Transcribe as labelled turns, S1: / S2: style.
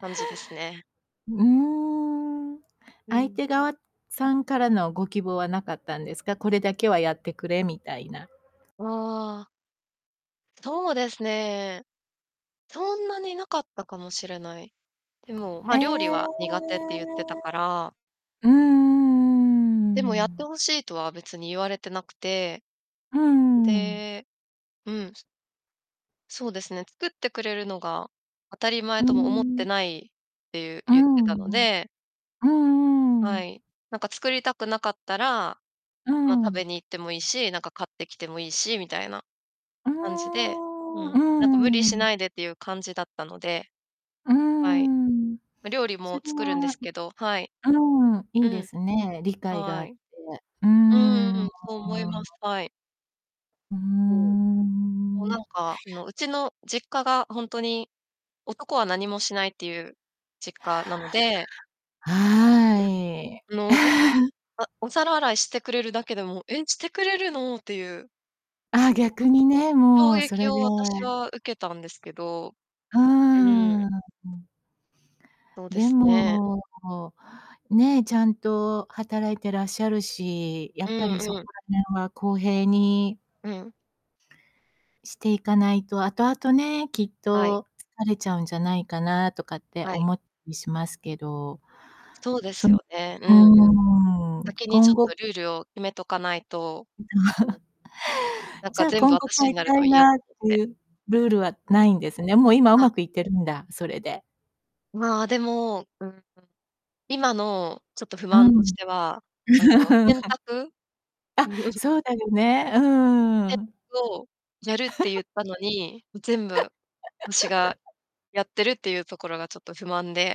S1: 感じですね。
S2: うーん。
S1: う
S2: 相
S1: ん。
S2: 手側、さんからのご希望はなかったんですか？これだけはやってくれみたいな。
S1: ああ。そうですね。そんなになかったかもしれない。でも、ま
S2: え
S1: あ、料理
S2: え。
S1: は苦手って言ってたから。
S2: うー
S1: でもやって
S2: ん。
S1: 欲しいとは別に言われてなくて
S2: うーん。
S1: でうん。そうですね。作ってくれるのが当たり
S2: う
S1: 前
S2: ー
S1: とも思って
S2: ん。
S1: ないっていう
S2: う
S1: 言って
S2: んう
S1: たの
S2: ん。
S1: で。
S2: うんうんう
S1: は
S2: ん。
S1: い。なんか作りたくなかったら、
S2: う
S1: ま、食べ
S2: ん。
S1: に行っても良いし、なんか買ってきてもいいし、みたいな
S2: うー
S1: 感じでう
S2: んう
S1: ん。
S2: ー
S1: なんか無理し
S2: ん。
S1: ないでっていう感じだったので。
S2: うー
S1: はい。
S2: ん。
S1: ま、料理
S2: そ
S1: も
S2: れ
S1: 作るんで
S2: は
S1: すけどはい。
S2: んうん、い
S1: う
S2: いで
S1: ん。
S2: すね。理解があ
S1: は
S2: っ
S1: い。
S2: て。うー
S1: うんうんうん。
S2: ん。
S1: そう思います。はい。
S2: うー
S1: うん。もうなん
S2: ん。
S1: か、あの、うちの実家がほんとに男は何もしないっていう実家なので
S2: は
S1: あ
S2: い。
S1: の、あ、お皿洗いしてくれるだけでも「え、してくれるの？」っていう。
S2: あ、逆 にね、
S1: 衝
S2: もうそ
S1: 撃
S2: れで
S1: を私は受けたんですけど
S2: う
S1: うん。
S2: ーん。
S1: そうで
S2: で
S1: すね。
S2: も、ね、ちゃんと働いてらっしゃるし、や
S1: う
S2: っぱり
S1: ん
S2: そ
S1: う
S2: こ
S1: ん。
S2: ら辺は公平に
S1: うん。
S2: していかないと、後々ね、きっ
S1: はい。
S2: と疲れちゃうんじゃないかなとかって
S1: はい。
S2: 思っいしますけど。
S1: そうで
S2: そ
S1: す
S2: う
S1: よね。うん
S2: ー
S1: うん。
S2: ん。
S1: 先にち
S2: 今
S1: ょっ
S2: 後
S1: とルールを決めとかないとうん。なん
S2: じ
S1: か
S2: ゃあ、
S1: 全部
S2: 今後
S1: 私
S2: 変
S1: に
S2: え
S1: なる
S2: た
S1: と
S2: い
S1: 嫌と
S2: なっ
S1: 思っ
S2: て
S1: て。
S2: いうルールは
S1: う
S2: 無
S1: ん。
S2: いんですね。もう今
S1: あ
S2: 上手くいってるんだ、それで
S1: まあ、でもうん。今の、ちょっと不
S2: う
S1: 満として
S2: ん。
S1: は、あの、洗 濯
S2: あ、
S1: うん。
S2: そうだよね、うー
S1: せん
S2: ん。
S1: をやるって言 ったのに、も全部私が やってるっていうところがちょっと不満で